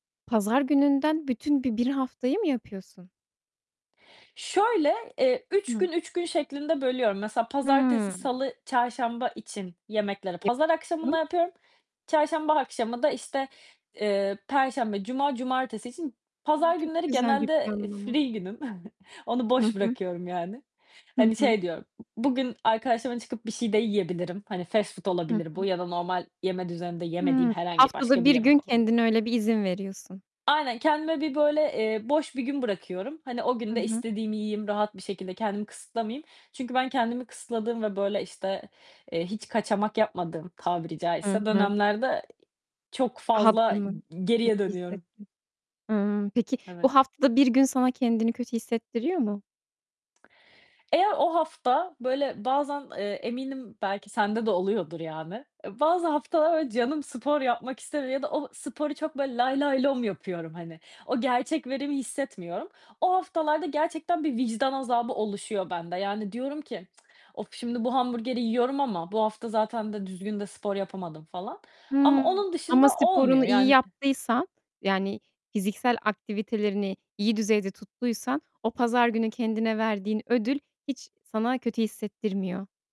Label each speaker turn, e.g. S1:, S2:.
S1: Pazar gününden bütün bi bir haftayı mı yapıyorsun?
S2: Şöyle, eee, 3
S1: Hıh.
S2: gün, 3 gün şeklinde bölüyorum. Mesela pazartesi,
S1: Hımm.
S2: salı, çarşamba için yemekleri pazar akşamından
S1: [unintelligible]
S2: yapıyorum. Çarşamba akşamı da, işte, eee, perşembe, cuma, cumartesi için
S1: A!
S2: pazar
S1: Çok
S2: günleri
S1: güzel bir
S2: genelde
S1: planlama.
S2: free günüm. Onu
S1: Hı
S2: boş
S1: hı.
S2: bırakıyorum yani.
S1: Hı
S2: Hani
S1: hı.
S2: şey diyorum, b bugün arkadaşımla çıkıp bir şey de yiyebilirim. Hani fast food
S1: Hı
S2: olabilir bu
S1: hı.
S2: ya da normal yeme düzeninde yemediğim
S1: Hımm.
S2: herhangi
S1: Haftada
S2: başka bir
S1: bir gün
S2: yemek olabilir.
S1: kendine öyle bir izin veriyorsun.
S2: Aynen, kendime bir, böyle, eee, boş bir gün bırakıyorum. Hani o gün
S1: Hı
S2: de
S1: hı.
S2: istediğimi yiyeyim, rahat bir şekilde kendimi kısıtlamayayım. Çünkü ben kendimi kısıtladığım ve böyle işte, eee, hiç kaçamak yapmadığım tabiri
S1: Hı
S2: caizse
S1: hı.
S2: dönemlerde eee çok fazla i
S1: Rahatlama.
S2: g
S1: Kötü
S2: geriye dönüyorum.
S1: hissettin. Hımm, peki
S2: Evet.
S1: bu hafta bir gün sana kendini kötü hissettiriyor mu?
S2: Eğer o hafta böyle bazen, eee, eminim belki sende de oluyordur yani. Bazı haftalar öyle canım spor yapmak istemiyor ya da o sporu çok böyle lay lay lom yapıyorum hani. O gerçek verimi hissetmiyorum. O haftalarda gerçekten bir vicdan azabı oluşuyor bende. Yani diyorum ki, "Of, şimdi bu hamburgeri yiyorum ama bu hafta zaten de düzgün de spor yapamadım." falan ama
S1: Hımm,
S2: onun
S1: ama
S2: dışında olmuyor
S1: sporunu iyi
S2: yani ı
S1: yaptıysan, yani fiziksel aktivitelerini iyi düzeyde tuttuysan o pazar günü kendine verdiğin ödül hiç sana kötü hissettirmiyor.